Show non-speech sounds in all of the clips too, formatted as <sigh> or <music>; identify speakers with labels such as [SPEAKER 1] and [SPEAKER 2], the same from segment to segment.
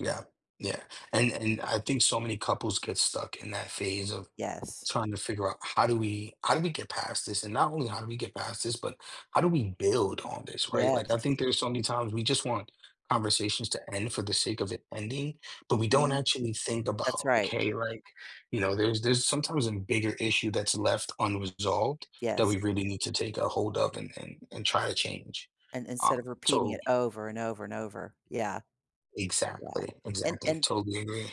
[SPEAKER 1] Yeah, yeah. And and I think so many couples get stuck in that phase of
[SPEAKER 2] Yes.
[SPEAKER 1] trying to figure out how do we how do we get past this? And not only how do we get past this, but how do we build on this, right? Like, I think
[SPEAKER 2] Yes.
[SPEAKER 1] there's so many times we just want conversations to end for the sake of it ending, but we don't
[SPEAKER 2] Mhm.
[SPEAKER 1] actually think
[SPEAKER 2] That's
[SPEAKER 1] about, like
[SPEAKER 2] right.
[SPEAKER 1] hey, like, you know, there's there's sometimes a bigger issue that's left unresolved that we
[SPEAKER 2] Yes.
[SPEAKER 1] really need to take a hold of and and and try to change.
[SPEAKER 2] And instead of
[SPEAKER 1] Um,
[SPEAKER 2] repeating
[SPEAKER 1] so
[SPEAKER 2] it over and over and over, yeah. Yeah,
[SPEAKER 1] Exactly,
[SPEAKER 2] and
[SPEAKER 1] exactly.
[SPEAKER 2] and
[SPEAKER 1] Totally agree.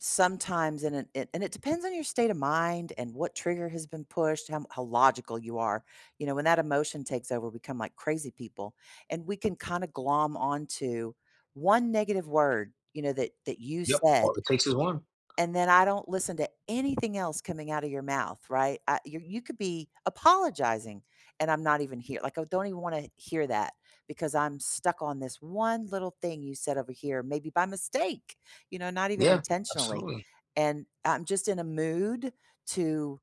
[SPEAKER 2] Sometimes and it, it, and it depends on your state of mind and what trigger has been pushed, how m how logical you are, you know, when that emotion takes over, we come like crazy people and we can kinda glom onto 1 negative word, you know, that that you
[SPEAKER 1] Yep, all
[SPEAKER 2] said
[SPEAKER 1] it takes is 1.
[SPEAKER 2] and then I don't listen to anything else coming out of your mouth, right, I you you could be apologizing and I'm not even hear like, I don't even wanna hear that because I'm stuck on this 1 little thing you said over here, maybe by mistake, you know, not even
[SPEAKER 1] Yeah,
[SPEAKER 2] intentionally,
[SPEAKER 1] absolutely.
[SPEAKER 2] and I'm just in a mood to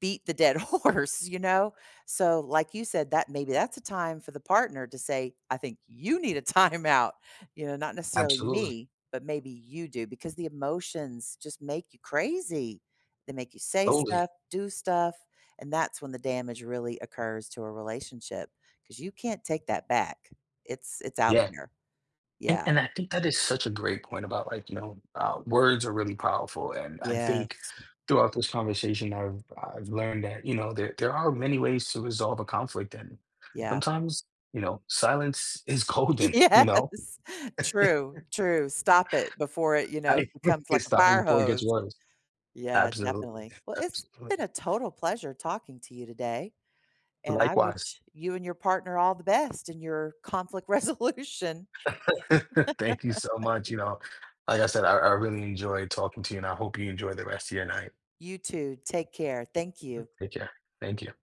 [SPEAKER 2] beat the dead horse, you know, so, like you said, that maybe that's a time for the partner to say, "I think you need a timeout," you know, not necessarily
[SPEAKER 1] Absolutely.
[SPEAKER 2] me, but maybe you do because the emotions just make you crazy, they make you say
[SPEAKER 1] Totally.
[SPEAKER 2] stuff, do stuff, and that's when the damage really occurs to a relationship 'cause you can't take that back, it's it's out
[SPEAKER 1] Yeah.
[SPEAKER 2] there.
[SPEAKER 1] And
[SPEAKER 2] Yeah.
[SPEAKER 1] and I think that is such a great point about like, you know, uh, words are really powerful, and I think
[SPEAKER 2] Yes.
[SPEAKER 1] throughout this conversation I've I've learned that, you know, there there are many ways to resolve a conflict and
[SPEAKER 2] Yeah.
[SPEAKER 1] sometimes, you know, silence is golden, you know?
[SPEAKER 2] Yes. True,
[SPEAKER 1] <chuckles>
[SPEAKER 2] true. Stop it before it, you know,
[SPEAKER 1] I
[SPEAKER 2] becomes like a
[SPEAKER 1] Stop it
[SPEAKER 2] fire
[SPEAKER 1] before it
[SPEAKER 2] hose.
[SPEAKER 1] gets worse.
[SPEAKER 2] Yeah,
[SPEAKER 1] Absolutely,
[SPEAKER 2] definitely. Well, it's been
[SPEAKER 1] absolutely.
[SPEAKER 2] a total pleasure talking to you today, and I
[SPEAKER 1] Likewise.
[SPEAKER 2] wish you and your partner all the best in your conflict resolution.
[SPEAKER 1] <chuckles> Thank you so much,
[SPEAKER 2] <laughs>
[SPEAKER 1] you know, like I said, I I really enjoyed talking to you, and I hope you enjoy the rest of your night.
[SPEAKER 2] You too. Take care. Thank you.
[SPEAKER 1] Take care, thank you.